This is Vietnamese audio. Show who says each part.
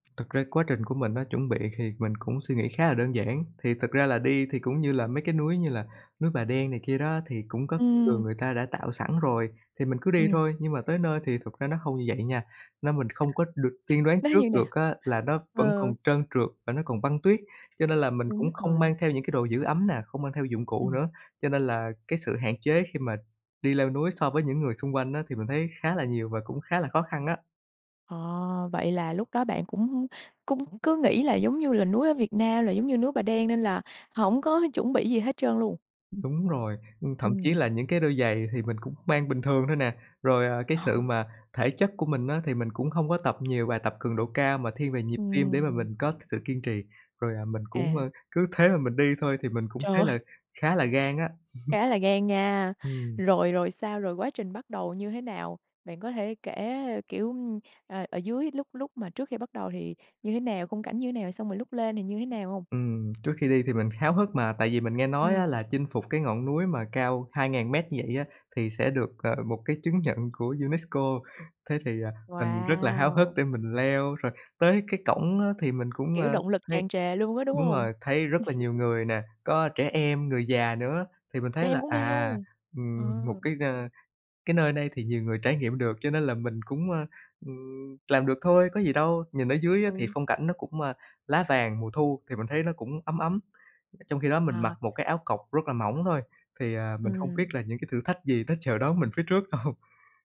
Speaker 1: Thực ra quá trình của mình nó chuẩn bị thì mình cũng suy nghĩ khá là đơn giản. Thì thực ra là đi thì cũng như là mấy cái núi như là núi Bà đen này kia đó, thì cũng có con đường
Speaker 2: Ừm.
Speaker 1: người ta đã tạo sẵn rồi thì mình cứ đi
Speaker 2: Ừm.
Speaker 1: thôi. Nhưng mà tới nơi thì thực ra nó không như vậy nha, nên mình không có được tiên đoán
Speaker 2: Nói
Speaker 1: trước
Speaker 2: như nào?
Speaker 1: được á, là nó vẫn còn
Speaker 2: Ừ.
Speaker 1: trơn trượt và nó còn băng tuyết, cho nên là mình
Speaker 2: Đúng
Speaker 1: cũng không
Speaker 2: rồi.
Speaker 1: mang theo những cái đồ giữ ấm nè, không mang theo dụng cụ
Speaker 2: Ừm.
Speaker 1: nữa. Cho nên là cái sự hạn chế khi mà đi leo núi so với những người xung quanh á thì mình thấy khá là nhiều và cũng khá là khó khăn á.
Speaker 2: Ờ, vậy là lúc đó bạn cũng cũng cứ nghĩ là giống như là núi ở Việt Nam là giống như núi Bà Đen, nên là hổng có chuẩn bị gì hết trơn luôn?
Speaker 1: Đúng rồi, thậm chí
Speaker 2: Ừm.
Speaker 1: là những cái đôi giày thì mình cũng mang bình thường thôi nè. Rồi, à, cái sự
Speaker 2: Ồ.
Speaker 1: mà thể chất của mình á, thì mình cũng hông có tập nhiều bài tập cường độ cao, mà thiên về nhịp tim để mà
Speaker 2: Ừm.
Speaker 1: mình có cái sự kiên trì. Rồi, à, mình cũng, a,
Speaker 2: À.
Speaker 1: cứ thế mà mình đi thôi, thì mình cũng thấy là
Speaker 2: Trời.
Speaker 1: khá là gan á.
Speaker 2: Khá là gan nha.
Speaker 1: Ừm.
Speaker 2: Rồi, rồi sao? Rồi quá trình bắt đầu như thế nào? Bạn có thể kể, kiểu, ờ, ở dưới lúc lúc mà trước khi bắt đầu thì như thế nào, khung cảnh như thế nào, xong rồi lúc lên thì như thế nào hông?
Speaker 1: Ừm, trước khi đi thì mình háo hức mà. Tại vì mình nghe nói á,
Speaker 2: Ừm.
Speaker 1: là chinh phục cái ngọn núi mà cao 2.000 mét vậy á, thì sẽ được, ờ, một cái chứng nhận của UNESCO, thế thì, à, mình rất là háo hức
Speaker 2: Wow.
Speaker 1: để mình leo. Rồi tới cái cổng á thì mình cũng,
Speaker 2: Kiểu,
Speaker 1: ờ,
Speaker 2: động lực
Speaker 1: thấy
Speaker 2: tràn trề luôn á, đúng
Speaker 1: đúng
Speaker 2: hông?
Speaker 1: rồi, thấy rất là nhiều người nè, có trẻ em, người già nữa thì mình
Speaker 2: Trẻ
Speaker 1: thấy
Speaker 2: em
Speaker 1: là,
Speaker 2: cũng đi
Speaker 1: à,
Speaker 2: luôn, à.
Speaker 1: ừm, một cái, a, cái nơi đây thì nhiều người trải nghiệm được, cho nên là mình cũng, ờ, ừm, làm được thôi có gì đâu. Nhìn ở dưới á thì
Speaker 2: Ừ.
Speaker 1: phong cảnh nó cũng, ơ, lá vàng, mùa thu thì mình thấy nó cũng ấm ấm trong khi đó mình mặc
Speaker 2: Ờ.
Speaker 1: một cái áo cộc rất là mỏng thôi, thì, à, mình không biết
Speaker 2: Ừm.
Speaker 1: là những cái thử thách gì nó chờ đón mình phía trước đâu.